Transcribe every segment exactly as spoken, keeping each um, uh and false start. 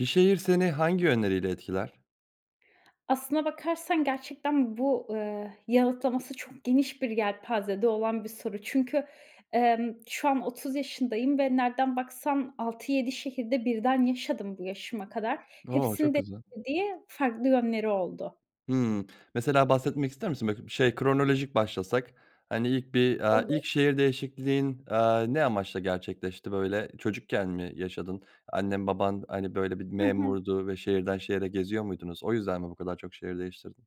Bir şehir seni hangi yönleriyle etkiler? Aslına bakarsan gerçekten bu, eee, yanıtlaması çok geniş bir yelpazede olan bir soru. Çünkü, emm, şu an otuz yaşındayım ve nereden baksan altı yedi şehirde birden yaşadım bu yaşıma kadar. O, Hepsinin çok de güzel. [unintelligible] farklı yönleri oldu. Hıı, mesela, bahsetmek ister misin? [unintelligible] Şey, kronolojik başlasak, hani, ilk bir, aaa, ilk Olur. şehir değişikliğin, aaa, ne amaçla gerçekleşti? Böyle, çocukken mi yaşadın? Annen baban, hani, böyle, bir Hı hı. memurdu ve şehirden şehre geziyor muydunuz? O yüzden mi bu kadar çok şehir değiştirdin?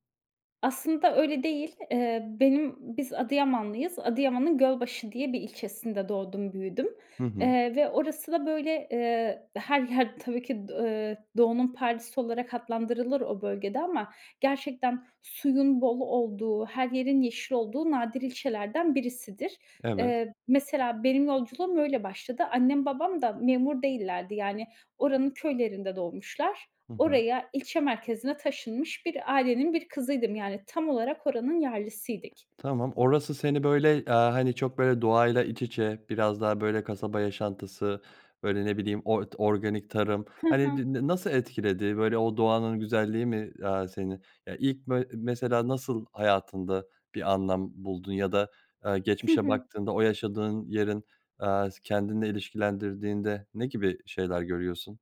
Aslında öyle değil. Eee, benim, biz Adıyamanlıyız. Adıyaman'ın Gölbaşı diye bir ilçesinde doğdum, büyüdüm. Hı hı. Eee, ve orası da, böyle, eee, her yer tabii ki d eee, Doğu'nun Paris'i olarak adlandırılır o bölgede ama gerçekten suyun bol olduğu, her yerin yeşil olduğu nadir ilçelerden birisidir. Evet. Eee, mesela, benim yolculuğum öyle başladı. Annem babam da memur değillerdi. Yani, oranın köylerinde doğmuşlar. Hı hı. Oraya, ilçe merkezine taşınmış bir ailenin bir kızıydım. Yani, tam olarak oranın yerlisiydik. Tamam, orası seni, böyle, aaa, hani, çok, böyle, doğayla iç içe biraz daha, böyle, kasaba yaşantısı, böyle, ne bileyim, or d organik tarım, Hı hani, hı. d na nasıl etkiledi? Böyle, o doğanın güzelliği mi, aaa, seni, ya, ilk bö mesela, nasıl hayatında bir anlam buldun ya da, aaa, Hı geçmişe hı. baktığında o yaşadığın yerin, eee, s kendinle ilişkilendirdiğinde ne gibi şeyler görüyorsun?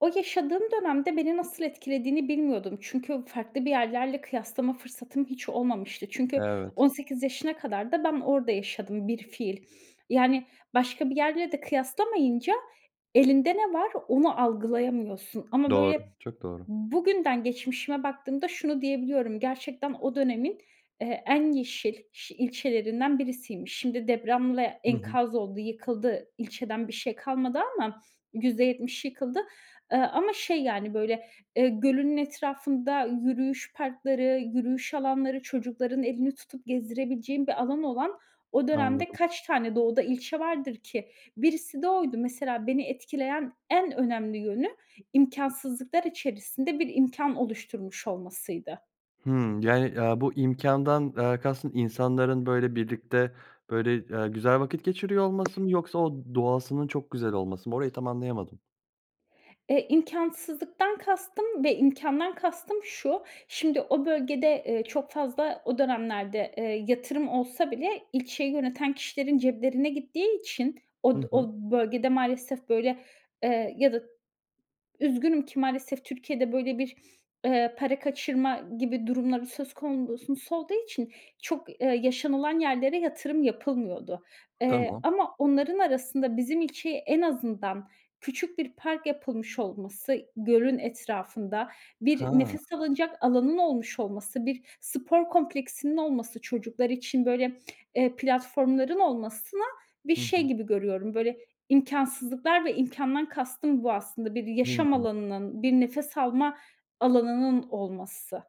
O yaşadığım dönemde beni nasıl etkilediğini bilmiyordum. Çünkü farklı bir yerlerle kıyaslama fırsatım hiç olmamıştı. Çünkü Evet. on sekiz yaşına kadar da ben orada yaşadım bilfiil. Yani, başka bir yerle de kıyaslamayınca elinde ne var? Onu algılayamıyorsun ama, Doğru, böyle, çok doğru. bugünden geçmişime baktığımda şunu diyebiliyorum: "Gerçekten o dönemin, eee, en yeşil ş ilçelerinden birisiymiş." Şimdi depremle Hı hı. enkaz oldu, yıkıldı. İlçeden bir şey kalmadı ama yüzde yetmişi yıkıldı. Eee, ama, şey, yani, böyle, eee, gölünün etrafında yürüyüş parkları, yürüyüş alanları, çocukların elini tutup gezdirebileceğin bir alanı olan o dönemde Anladım. kaç tane Doğu'da ilçe vardır ki? Birisi de oydu. Mesela beni etkileyen en önemli yönü imkânsızlıklar içerisinde bir imkân oluşturmuş olmasıydı. Hımm. Yani, aaa, bu imkândan, aaa, kastın insanların, böyle, birlikte, böyle, eee, güzel vakit geçiriyor olması mı yoksa o doğasının çok güzel olması mı? Orayı tam anlayamadım. Eee, imkânsızlıktan kastım ve imkândan kastım şu. Şimdi o bölgede, eee, çok fazla o dönemlerde, eee, yatırım olsa bile ilçeyi yöneten kişilerin ceplerine gittiği için od Hı o hı. bölgede maalesef böyle, eee, ya da üzgünüm ki maalesef Türkiye'de böyle bir, eee, para kaçırma gibi durumları söz kondu sus olduğu için çok, eee, yaşanılan yerlere yatırım yapılmıyordu. Eee, Tamam. ama onların arasında bizim ilçeye en azından küçük bir park yapılmış olması, -gölün etrafında bir Hıı. nefes alınacak alanının olmuş olması, bir spor kompleksinin olması çocuklar için, böyle, eee, platformların olmasına bir Hı şey hı. gibi görüyorum böyle imkânsızlıklar ve imkândan kastım bu aslında bir yaşam Hıı. alanının, bir nefes alma alanının olması.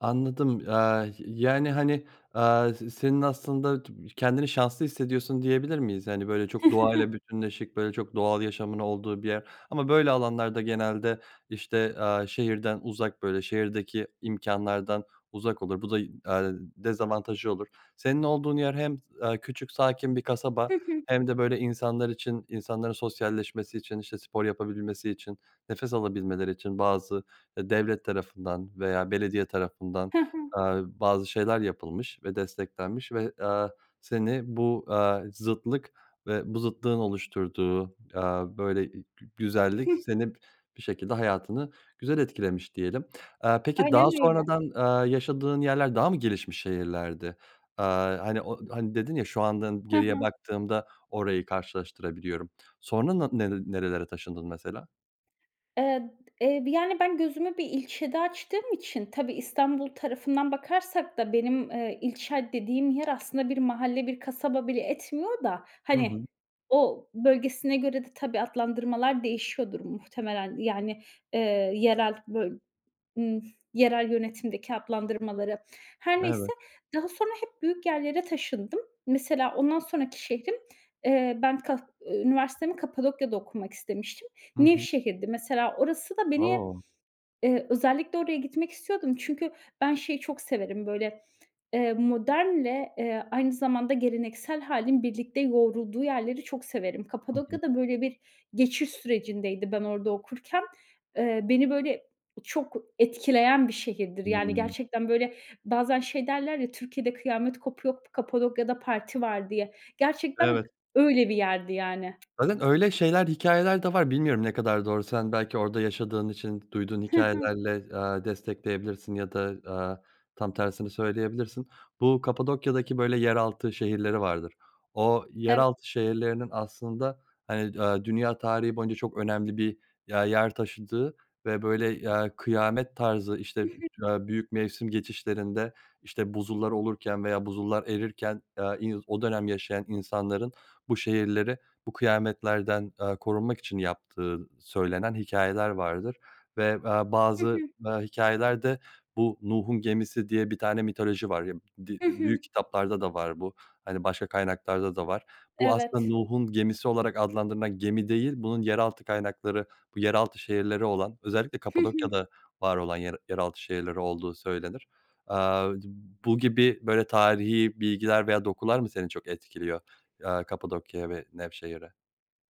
Anladım, aaa, yani, hani, aaa, s-senin aslında t b Kendini şanslı hissediyorsun diyebilir miyiz? Hani, böyle, çok doğayla bütünleşik, böyle, çok doğal yaşamın olduğu bir yer ama böyle alanlarda genelde işte, aaa, şehirden uzak, böyle, şehirdeki imkânlardan uzak olur. Bu da y aaa, dezavantajı olur. Senin olduğun yer hem s aaa, küçük sakin bir kasaba Hı hı. hem de böyle insanlar için, insanların sosyalleşmesi için, işte spor yapabilmesi için, nefes alabilmeleri için bazı, eee, devlet tarafından veya belediye tarafından, Hı hı. aaa, bazı şeyler yapılmış ve desteklenmiş ve, aaa, seni bu, aaa, zıtlık ve bu zıtlığın oluşturduğu, aaa, böyle i gü güzellik Hıh. seni bir şekilde hayatını güzel etkilemiş diyelim. Aaa, peki daha Aynen öyle. sonradan, aaa, yaşadığın yerler daha mı gelişmiş şehirlerdi? Aaa, hani o, hani dedin ya şu anda Hı geriye hı. baktığımda orayı karşılaştırabiliyorum sonra na nere nerelere taşındın mesela? Ed eee, bi yani, ben gözümü bir ilçede açtığım için... Tabii, İstanbul tarafından bakarsak da benim, eee, ilçe dediğim yer aslında bir mahalle, bir kasaba bile etmiyor da, Hı hani, hı. o bölgesine göre de tabii adlandırmalar değişiyordur muhtemelen. Yani, eee, yerel bö ımm, yerel yönetimdeki adlandırmaları. Her Evet. neyse. Daha sonra hep büyük yerlere taşındım. Mesela ondan sonraki şehrim, eee, ben kah üniversitemi Kapadokya'da okumak istemiştim. Hı hı. Nevşehir'di mesela orası da beni, O! eee, özellikle oraya gitmek istiyordum çünkü ben şeyi çok severim böyle, eee, modernle, eee, aynı zamanda geleneksel hâlin birlikte yoğurulduğu yerleri çok severim. Hı hı. Kapadokya da böyle bir geçiş sürecindeydi ben orada okurken. Eee beni böyle çok etkileyen bir şehirdir. Yani, Hımm. gerçekten, böyle, bazen şey derler ya "Türkiye'de kıyamet kopuyor, Kapadokya'da parti var." diye. Gerçekten, Evet. öyle bir yerdi yani. Zaten öyle şeyler, hikâyeler de var. Bilmiyorum ne kadar doğru, sen belki orada yaşadığın için duyduğun Hı hı. hikâyelerle, aaa, destekleyebilirsin ya da, aaa, tam tersini söyleyebilirsin. Bu Kapadokya'daki böyle yeraltı şehirleri vardır. O Ev yeraltı şehirlerinin aslında hani, aaa, dünya tarihi boyunca çok önemli bir ya yer taşıdığı ve böyle, eee, kıyamet tarzı, Hı işte, hı. aaa, büyük mevsim geçişlerinde, işte, buzullar olurken veya buzullar erirken, aaa, iz o dönem yaşayan insanların bu şehirleri bu kıyametlerden, aaa, korunmak için yaptığı söylenen hikâyeler vardır ve, aaa, Hı bazı, hı. aaa, hikâyeler de bu Nuh'un Gemisi diye bir tane mitoloji var. Yab di Hı hı. büyük kitaplarda da var bu, hani, başka kaynaklarda da var. Bu aslında Evet. Nuh'un gemisi olarak adlandırılan gemi değil bunun yeraltı kaynakları, bu yeraltı şehirleri olan, özellikle Hı hı. Kapadokya'da var olan yer yeraltı şehirleri olduğu söylenir. Aaa, d bu gibi böyle tarihi bilgiler veya dokular mı seni çok etkiliyor, aaa, Kapadokya ve Nevşehir'e?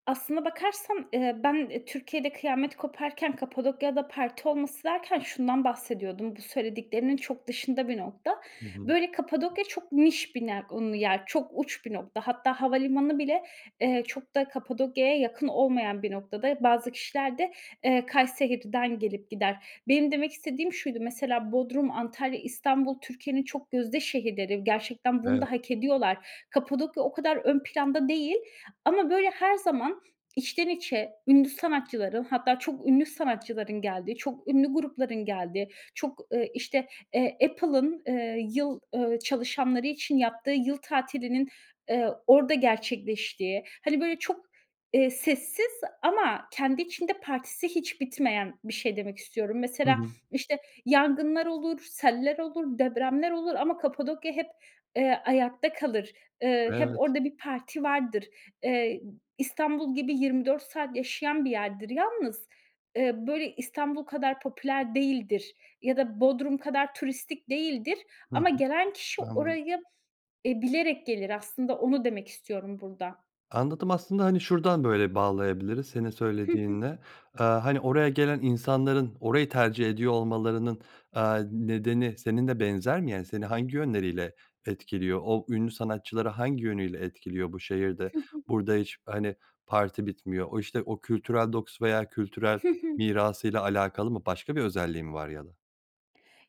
Aslına bakarsan, ııı, ben Türkiye'de kıyamet koparken Kapadokya'da parti olması derken şundan bahsediyordum. Bu söylediklerinin çok dışında bir nokta. Hı hı. Böyle, Kapadokya çok niş [unintelligible] yer. Çok uç bir nokta. Hatta havalimanı bile, eee, çok da Kapadokya'ya yakın olmayan bir noktada. Bazı kişiler de, eee, Kayseri'den gelip gider. Benim demek istediğim şuydu. Mesela Bodrum, Antalya, İstanbul Türkiye'nin çok gözde şehirleri. Gerçekten bunu da Evet. hak ediyorlar. Kapadokya o kadar ön planda değil ama, böyle, her zaman içten içe ünlü sanatçıların, hatta çok ünlü sanatçıların geldiği, çok ünlü grupların geldiği, çok, ııı, işte, eee, Apple'ın, ııı, yıl ııı, çalışanları için yaptığı yıl tatilinin, eee, orada gerçekleştiği, hani, böyle, çok, eee, sessiz ama kendi içinde partisi hiç bitmeyen bir şey demek istiyorum. Hı Mesela, hı. işte, yangınlar olur, seller olur, depremler olur ama Kapadokya hep, eee, ayakta kalır. Iıı, hep Evet. orada bir parti vardır. Eee, İstanbul gibi yirmi dört saat yaşayan bir yerdir. Yalnız, ııı, böyle İstanbul kadar popüler değildir ya da Bodrum kadar turistik değildir. Hı Ama hı. gelen kişi Anladım. orayı, eee, bilerek gelir. Aslında onu demek istiyorum burada. Anladım. Aslında, hani, şuradan böyle bağlayabiliriz senin Hı hı. söylediğinle. Aaa, hani, oraya gelen insanların orayı tercih ediyor olmalarının, aaa, nedeni senin de benzer mi? Yani, seni hangi yönleriyle etkiliyor o ünlü sanatçıları hangi yönüyle etkiliyor bu şehir de? Hı hı. Burada hiç, hani, parti bitmiyor, o, işte, o kültürel dokusu veya kültürel Hı hı. mirası ile alakalı mı başka bir özelliği mi var ya da?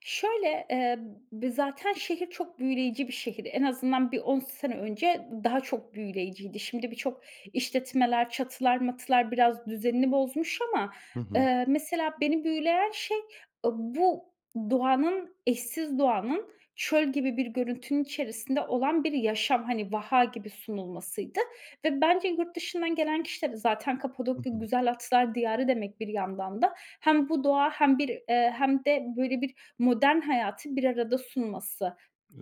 Şöyle, eee, b b zaten şehir çok büyüleyici bir şehir. En azından bir on sene önce d daha çok büyüleyiciydi. Şimdi birçok işletmeler çatılar matılar biraz düzenini bozmuş ama, Hı hı. ııı, mesela beni büyüleyen şey ı bu doğanın eşsiz doğanın çöl gibi bir görüntünün içerisinde olan bir yaşam, hani, vaha gibi sunulmasıydı ve bence yurt dışından gelen kişiler de zaten Hı Kapadokya hı. güzel atlar diyarı demek bir yandan da hem bu doğa hem bir, eee, hem de, böyle, bir modern hayatı bir arada sunması.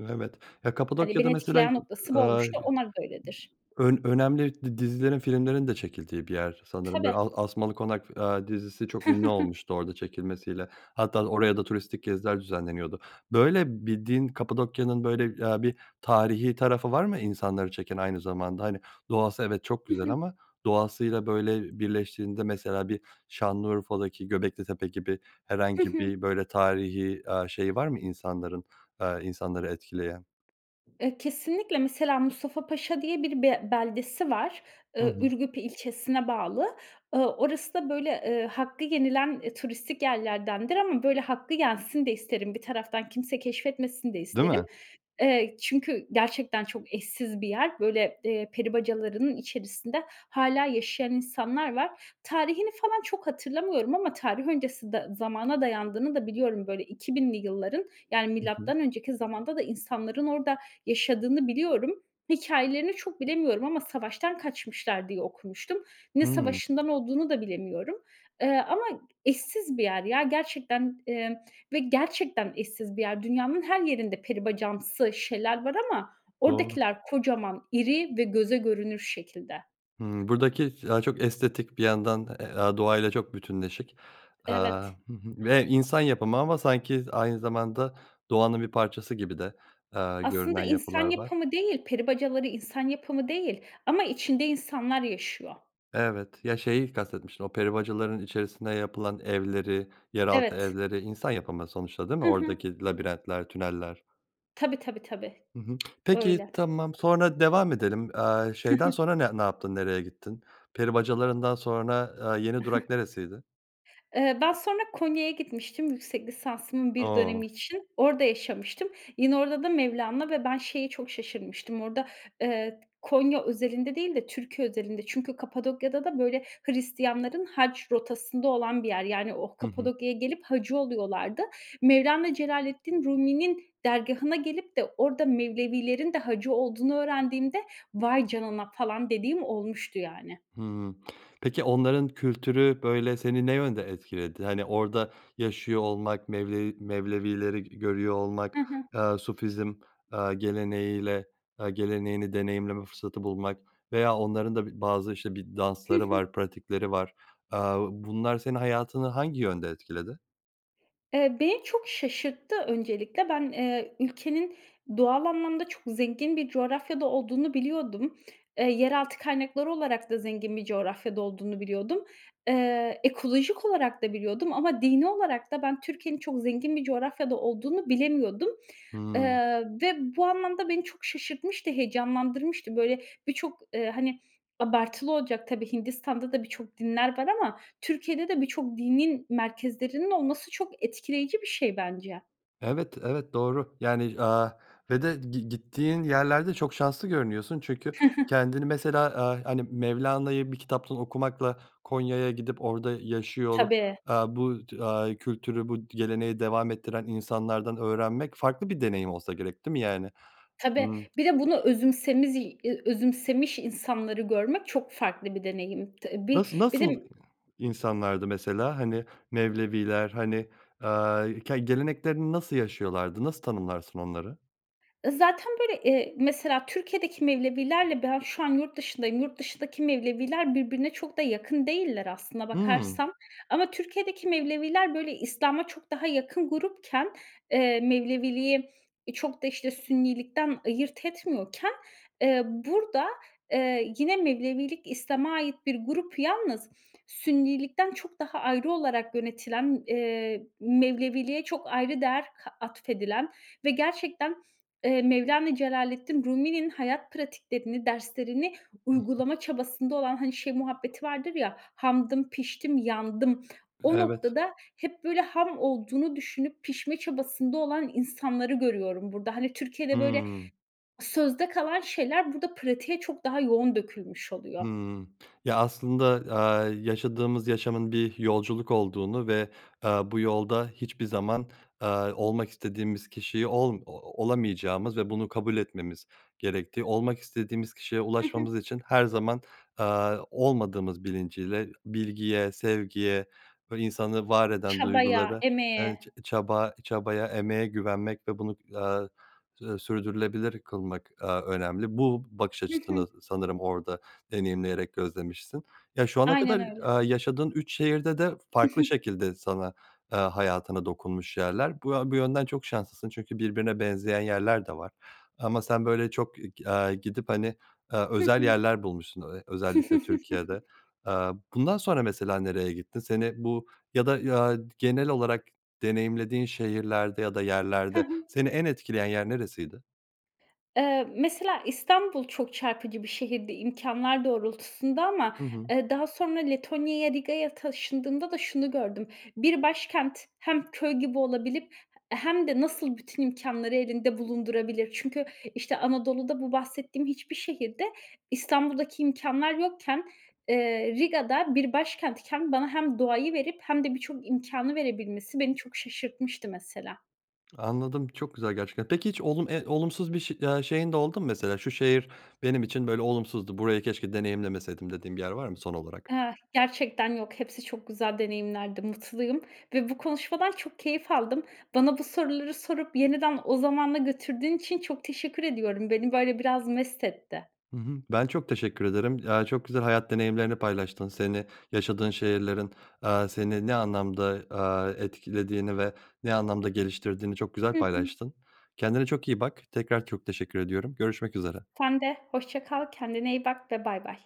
Evet. Ya, Hani, Kapadokya'da beni mesela, e etkileyen noktası bu aaa, ııı, olmuştu, onlar da öyledir. ön önemli di dizilerin filmlerin de çekildiği bir yer sanırım, böyle. Tabii. Al Asmalı Konak, aaa, dizisi çok ünlü olmuştu orada çekilmesiyle. Hatta oraya da turistik geziler düzenleniyordu. Böyle, bir din Kapadokya'nın, böyle, aaa, bir tarihi tarafı var mı insanları çeken aynı zamanda, hani, doğası, evet, çok Hı güzel hı. ama doğasıyla, böyle, birleştiğinde mesela bir Şanlıurfa'daki Göbeklitepe gibi Hı herhangi hı. bir, böyle, tarihi, aaa, şeyi var mı insanların, aaa, insanları etkileyen? Eee, kesinlikle mesela Mustafa Paşa diye bir be beldesi var. Hı Iıı, hı. Ürgüp ilçesine bağlı. Iıı, orası da, böyle, ııı, hakkı yenilen, ııı, turistik yerlerdendir ama, böyle, hakkı yensin de isterim. Bir taraftan kimse keşfetmesin de Değil isterim. mi? Eee, çünkü gerçekten çok eşsiz bir yer. Böyle, eee, peri bacalarının içerisinde hâlâ yaşayan insanlar var. Tarihini falan çok hatırlamıyorum ama tarih öncesi da zamana dayandığını da biliyorum, böyle, iki binli yılların, yani, Hı hı. milattan önceki zamanda da insanların orada yaşadığını biliyorum. Hikâyelerini çok bilemiyorum ama savaştan kaçmışlar diye okumuştum. Ne Hımm. savaşından olduğunu da bilemiyorum, ııı, ama eşsiz bir yer ya gerçekten, emm, ve gerçekten eşsiz bir yer. Dünyanın her yerinde peribacamsı şeyler var ama Doğru. oradakiler kocaman iri ve göze görünür şekilde. Hıı, buradaki daha çok estetik bir yandan, aaa, doğa ile çok bütünleşik, aaa, Evet. hı hı, ve insan yapımı ama sanki aynı zamanda doğanın bir parçası gibi de, aaa, Aslında görünen yapılar insan var. yapımı değil, "Peri Bacaları" insan yapımı değil ama içinde insanlar yaşıyor. Evet. Ya şeyi kastetmiştim o peri bacalarının içerisinde yapılan evleri, yeraltı Evet. evleri insan yapımı sonuçta değil mi? Hı hı. Oradaki labirentler tüneller. Tabii, tabii, tabii. Hı hı. Peki, Öyle. tamam sonra, devam edelim, eee, şeyden sonra ne ne yaptın nereye gittin? Peri bacalarından sonra, eee, yeni durak neresiydi? Eee, ben sonra Konya'ya gitmiştim yüksek lisansımın bir O. dönemi için orada yaşamıştım. Yine orada da Mevlana... ve ben şeye çok şaşırmıştım. Orada, eee, Konya özelinde değil de Türkiye özelinde. Çünkü Kapadokya'da da böyle Hristiyanların haç rotasında olan bir yer. Yani, o Hı hı. Kapadokya'ya gelip hacı oluyorlardı. Mevlana Celaleddin Rumi'nin dergâhına gelip de orada Mevlevilerin de hacı olduğunu öğrendiğimde, "Vay canına!" falan dediğim olmuştu yani. Hı. Peki, onların kültürü, böyle, seni ne yönde etkiledi? Hani, orada yaşıyor olmak Mevlevi Mevlevileri g görüyor olmak, Hı hı. eee, Sufizm, eee, geleneğiyle eee, geleneğini deneyimleme fırsatı bulmak veya onların da bazı işte bir Hı dansları hı. var pratikleri var. Eee, bunlar senin hayatını hangi yönde etkiledi? Eee, beni çok şaşırttı öncelikle. Ben, eee, ülkenin doğal anlamda çok zengin bir coğrafyada olduğunu biliyordum. Eee, yeraltı kaynakları olarak da zengin bir coğrafyada olduğunu biliyordum. Eee, ekolojik olarak da biliyordum ama dini olarak da ben Türkiye'nin çok zengin bir coğrafyada olduğunu bilemiyordum. Hıı. Eee, ve bu anlamda beni çok şaşırtmıştı, heyecanlandırmıştı. Böyle, birçok, eee, hani, abartılı olacak tabii Hindistan'da da birçok dinler var ama Türkiye'de de birçok dinin merkezlerinin olması çok etkileyici bir şey bence. Evet evet doğru. Yani, aaa, ve de git gittiğin yerlerde çok şanslı görünüyorsun çünkü kendini mesela, aaa, hani, Mevlana'yı bir kitaptan okumakla Konya'ya gidip orada yaşıyor olup, Tabii. aaa, bu t aaa, bu kültürü bu geleneği devam ettiren insanlardan öğrenmek farklı bir deneyim olsa gerek değil mi yani? Tabii. Imm. Bir de bunu özümsemiz eee, özümsemiş insanları görmek çok farklı bir deneyim. Tı Nasıl bir bir nasıl de insanlardı mesela, hani, Mevleviler, hani, aaa, ke geleneklerini nasıl yaşıyorlardı? Nasıl tanımlarsın onları? Zaten böyle, eee, mesela Türkiye'deki Mevlevilerle ben şu an yurtdışındayım. Yurtdışındaki Mevleviler birbirine çok da yakın değiller aslına Hı. bakarsan. Ama Türkiye'deki Mevleviler böyle İslam'a çok daha yakın grupken, eee, Mevleviliği çok da, işte, Sünnilikten ayırt etmiyorken, eee, burada eee, yine Mevlevilik İslam'a ait bir grup. Yalnız Sünnilikten çok daha ayrı olarak yönetilen, eee, Mevleviliğe çok ayrı değer ka atfedilen ve gerçekten, eee, Mevlana Celaleddin Rumi'nin hayat pratiklerini, derslerini Hı hı. uygulama çabasında olan, hani, şey muhabbeti vardır ya "Hamdım, piştim, yandım." O Evet. noktada hep böyle ham olduğunu düşünüp pişme çabasında olan insanları görüyorum burada. Hani, Türkiye'de, böyle, Hıı. sözde kalan şeyler burada pratiğe çok daha yoğun dökülmüş oluyor. Hıı. Ya aslında, aaa, yaşadığımız yaşamın bir yolculuk olduğunu ve, ııı, bu yolda hiçbir zaman, eee, olmak istediğimiz kişiyi ol olamayacağımız ve bunu kabul etmemiz gerektiği, olmak istediğimiz kişiye Hı hı. ulaşmamız için her zaman eee olmadığımız bilinciyle, bilgiye sevgiye ve insanı var eden Çabaya, duygulara, eee, ç emeğe... çaba, çabaya, emeğe güvenmek ve bunu, eee, sü sürdürülebilir kılmak, eee, önemli. Bu bakış Hı hı. açısını sanırım orada deneyimleyerek gözlemişsin. Ya şu ana Aynen kadar, öyle. eee, yaşadığın üç şehirde de farklı şekilde sana, eee, hayatına dokunmuş yerler. Bu bu yönden çok şanslısın çünkü birbirine benzeyen yerler de var ama sen böyle çok k aaa, gidip hani eee Hı özel hı. yerler bulmuşsun özellikle Türkiye'de. Eee, bundan sonra mesela nereye gittin? Seni bu ya da, eee, genel olarak deneyimlediğin şehirlerde ya da Hı yerlerde hı. seni en etkileyen yer neresiydi? Iıı, mesela İstanbul çok çarpıcı bir şehirdi imkânlar doğrultusunda ama, Hı hı. ııı, daha sonra Letonya'ya, Riga'ya taşındığımda da şunu gördüm; bir başkent hem köy gibi olabilip he hem de nasıl bütün imkânları elinde bulundurabilir? Çünkü, işte, Anadolu'da bu bahsettiğim hiçbir şehirde İstanbul'daki imkânlar yokken, eee, Riga'da bir başkentken bana hem doğayı verip hem de birçok imkânı verebilmesi beni çok şaşırtmıştı mesela. Anladım, çok güzel gerçekten. Peki hiç olum eee, olumsuz bir ş aaa, şeyin de oldu mu mesela? "Şu şehir benim için, böyle, olumsuzdu, burayı keşke deneyimlemeseydim." dediğin bir yer var mı son olarak? Ah, gerçekten yok. Hepsi çok güzel deneyimlerdi, mutluyum ve bu konuşmadan çok keyif aldım. Bana bu soruları sorup yeniden o zamana götürdüğün için çok teşekkür ediyorum. Beni, böyle, biraz mest etti. Hı hı. Ben çok teşekkür ederim. Eee, çok güzel hayat deneyimlerini paylaştın. Seni yaşadığın şehirlerin, aaa, seni ne anlamda, aaa, etkilediğini ve ne anlamda geliştirdiğini çok güzel Hı hı. paylaştın. Kendine çok iyi bak. Tekrar çok teşekkür ediyorum. Görüşmek üzere. Sen de. Hoşça kal. Kendine iyi bak ve bay bay.